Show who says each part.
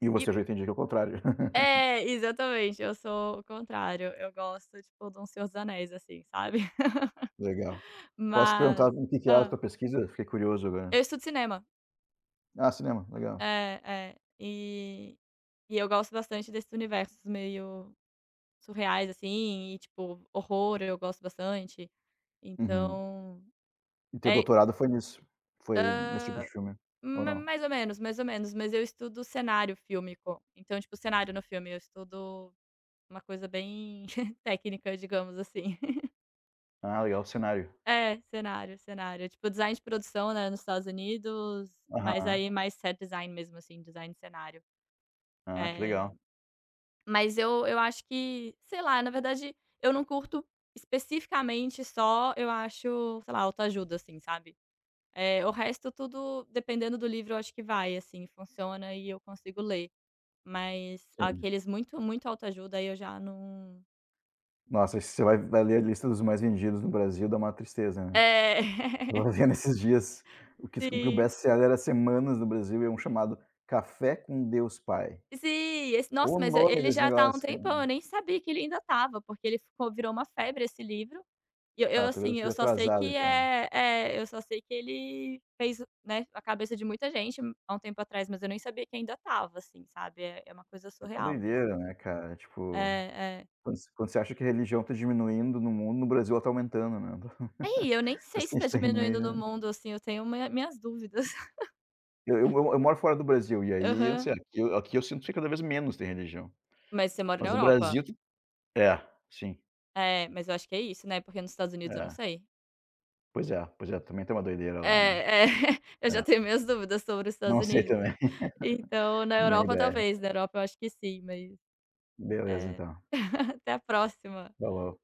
Speaker 1: E,
Speaker 2: E
Speaker 1: você, eu, já, entendi que é o contrário.
Speaker 2: É. Exatamente. Eu sou o contrário. Eu gosto tipo de um O Senhor dos Anéis, assim, sabe.
Speaker 1: Legal. Posso te
Speaker 2: Mas,
Speaker 1: perguntar, o que que é a
Speaker 2: hã
Speaker 1: tua pesquisa? Fiquei curioso, agora.
Speaker 2: Eu estudo cinema.
Speaker 1: Ah, cinema. Legal.
Speaker 2: É. É. E e eu gosto bastante desses universos meio surreais, assim. E, tipo, horror, eu gosto bastante.
Speaker 1: Uhum.
Speaker 2: Então,
Speaker 1: E, teu
Speaker 2: é i
Speaker 1: doutorado foi nisso? Foi
Speaker 2: Hã.
Speaker 1: nesse tipo de filme? Ou
Speaker 2: Ma
Speaker 1: não?
Speaker 2: mais ou menos, mais ou menos. Mas, eu estudo cenário fílmico. Então, tipo, cenário no filme, eu estudo uma coisa bem técnica, digamos assim.
Speaker 1: Ah, legal. Cenário.
Speaker 2: É. Cenário. Cenário. É, tipo, design de produção, né, nos Estados Unidos. Mas,
Speaker 1: Aham.
Speaker 2: aí, mais set design, mesmo, assim, design de cenário.
Speaker 1: Ah, que
Speaker 2: É.
Speaker 1: legal.
Speaker 2: Mas, eu eu acho que, sei lá, na verdade, eu não curto especificamente só, eu acho, sei lá, autoajuda, assim, sabe. Eh, o resto tudo, dependendo do livro, eu acho que vai, assim, funciona e eu consigo ler. Mas,
Speaker 1: Sim.
Speaker 2: aqueles muito, muito autoajuda, aí, eu já não
Speaker 1: Nossa, e se você vai vai ler a lista dos mais vendidos no Brasil, dá maior tristeza, né.
Speaker 2: É.
Speaker 1: Eu estava vendo esses dias, o que s, o que o
Speaker 2: Sim.
Speaker 1: best-seller há semanas no Brasil é um chamado, Café com Deus Pai.
Speaker 2: Sim. Esse, nossa.
Speaker 1: Ó, o
Speaker 2: Mas, e,
Speaker 1: nome
Speaker 2: ele
Speaker 1: desse
Speaker 2: já tá há um
Speaker 1: negócio, cara.
Speaker 2: tempão. Eu nem sabia que ele ainda estava porque, ele ficou, virou uma febre, esse livro. E, eu eu
Speaker 1: Ah, talvez, eu
Speaker 2: assim, eu
Speaker 1: esteja
Speaker 2: só sei
Speaker 1: atrasado,
Speaker 2: que
Speaker 1: então.
Speaker 2: eh, é, eu só sei que ele fez, né, a cabeça de muita gente, há um tempo atrás. Mas, eu nem sabia que ainda estava, assim, sabe. É, é uma coisa
Speaker 1: É uma
Speaker 2: surreal mesmo.
Speaker 1: doideira, né, cara. Tipo,
Speaker 2: É. É.
Speaker 1: quando você quando você acha que religião está diminuindo no mundo, no Brasil, ela, está aumentando, né.
Speaker 2: Aí, eu nem sei
Speaker 1: Parece
Speaker 2: se
Speaker 1: que a
Speaker 2: está
Speaker 1: gente tá indo, meio,
Speaker 2: diminuindo no
Speaker 1: né.
Speaker 2: mundo, assim. Eu tenho minha, minhas dúvidas.
Speaker 1: Eu eu eu moro fora do Brasil e aí, eu não
Speaker 2: Aham.
Speaker 1: sei, aqui eu aqui eu sinto que cada vez menos tem religião.
Speaker 2: Mas, você mora na
Speaker 1: Mas, no
Speaker 2: Europa?
Speaker 1: Brasil, é, sim.
Speaker 2: É. Mas, eu acho que é isso, né. Porque, nos Estados Unidos, eu não
Speaker 1: É.
Speaker 2: sei.
Speaker 1: Pois é. Pois é. Também, tem uma doideira, lá, né.
Speaker 2: É. É. Eu, já,
Speaker 1: É.
Speaker 2: tenho minhas dúvidas sobre os Estados
Speaker 1: Não sei,
Speaker 2: Unidos.
Speaker 1: também.
Speaker 2: Então, na
Speaker 1: Nem
Speaker 2: Europa,
Speaker 1: ideia.
Speaker 2: talvez. Na Europa, eu acho que sim, mas
Speaker 1: Beleza,
Speaker 2: é.
Speaker 1: então.
Speaker 2: Até a próxima.
Speaker 1: Falou.